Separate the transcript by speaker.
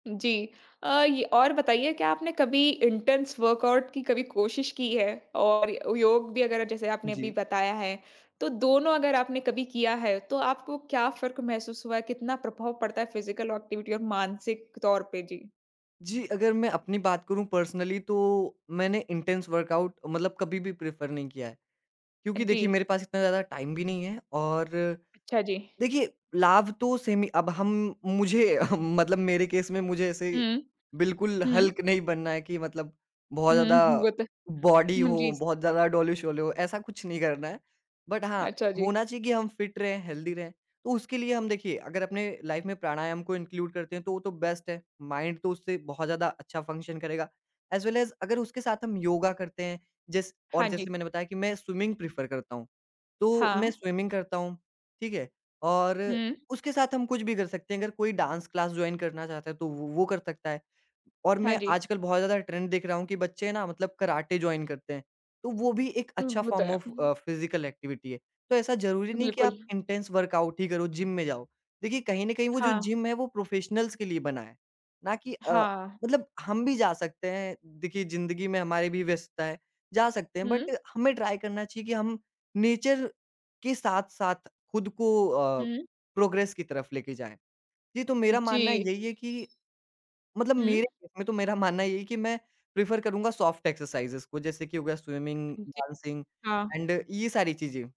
Speaker 1: जी अ, ये और बताइए क्या आपने कभी इंटेंस वर्कआउट की कभी कोशिश की है और योग भी अगर जैसे आपने अभी
Speaker 2: जी।
Speaker 1: बताया है, तो दोनों अगर आपने कभी किया है, तो आपको क्या फ़र्क महसूस हुआ है? कितना प्रभाव पड़ता है फिजिकल एक्टिविटी और मानसिक तौर पे? जी।
Speaker 2: जी, अगर मैं अपनी बात करूँ पर्सनली तो मैंने इंटेंस वर्कआउट मतलब कभी भी प्रेफर नहीं किया है।
Speaker 1: अ,
Speaker 2: क्योंकि देखिए
Speaker 1: जी।
Speaker 2: मेरे पास इतना ज़्यादा टाइम भी नहीं है और,
Speaker 1: अच्छा जी।
Speaker 2: देखिए लाभ तो सेम ही अब हम मुझे मतलब मेरे केस में मुझे ऐसे
Speaker 1: हुँ।
Speaker 2: बिल्कुल
Speaker 1: हुँ।
Speaker 2: हल्क नहीं बनना है कि मतलब बहुत
Speaker 1: हुँ,
Speaker 2: ज़्यादा
Speaker 1: हुँ, वो तो
Speaker 2: बॉडी
Speaker 1: हुँ,
Speaker 2: हो,
Speaker 1: जी।
Speaker 2: बहुत ज़्यादा डोले-शोले हो, ऐसा कुछ नहीं करना है। बट हाँ,
Speaker 1: अच्छा जी।
Speaker 2: होना चाहिए कि हम फिट रहें, हेल्दी रहें, तो उसके लिए हम देखिए अगर अपने लाइफ़ में प्राणायाम को इनक्लूड करते हैं, तो वो तो बेस्ट है, माइंड तो उससे बहुत ज़्यादा अच्छा फंक्शन करेगा। एज वेल एज अगर उसके साथ हम योगा करते हैं, जैस और
Speaker 1: हाँ जी।
Speaker 2: जैसे मैंने बताया कि मैं स्विमिंग प्रेफर करता हूँ, तो मैं
Speaker 1: हाँ।
Speaker 2: स्विमिंग करता हूँ, ठीक है। और,
Speaker 1: हुँ।
Speaker 2: उसके साथ हम कुछ भी कर सकते हैं अगर कोई डांस क्लास जॉइन करना चाहता है, तो वो, वो कर सकता है। और
Speaker 1: हाँ
Speaker 2: मैं
Speaker 1: जी।
Speaker 2: आजकल बहुत ज़्यादा ट्रेंड देख रहा हूँ कि बच्चे ना मतलब कराटे जॉइन करते हैं, तो वो भी एक
Speaker 1: उ
Speaker 2: अच्छा
Speaker 1: वो तो
Speaker 2: फ़ॉर्म
Speaker 1: है,
Speaker 2: ऑफ
Speaker 1: हुँ।
Speaker 2: अ, फिजिकल एक्टिविटी है। तो ऐसा ज़रूरी नहीं है कि
Speaker 1: बिल्कुल।
Speaker 2: आप इंटेंस वर्कआउट ही करो, जिम में जाओ, देखिए कहीं न कहीं वो जो
Speaker 1: हाँ।
Speaker 2: जिम है, वो प्रोफेशनल्स के लिए बना है, ना कि अ,
Speaker 1: हाँ।
Speaker 2: मतलब हम भी जा सकते हैं, देखिए, ज़िंदगी में हमारी भी व्यस्तता है, जा सकते हैं बट
Speaker 1: हुँ।
Speaker 2: हमें ट्राई करना चाहिए कि हम नेचर के साथ-साथ खुद को अ,
Speaker 1: हुँ।
Speaker 2: प्रोग्रेस की तरफ़ लेके जाएँ। जी, तो मेरा मानना
Speaker 1: जी।
Speaker 2: यही है कि, मतलब
Speaker 1: हुँ।
Speaker 2: मेरे केस में तो मेरा मानना यही है कि मैं प्रेफर करूँगा सॉफ्ट एक्सरसाइजेज को, जैसे कि हो गया स्विमिंग,
Speaker 1: जी,
Speaker 2: डांसिंग
Speaker 1: हाँ।
Speaker 2: एंड ये सारी चीज़ें।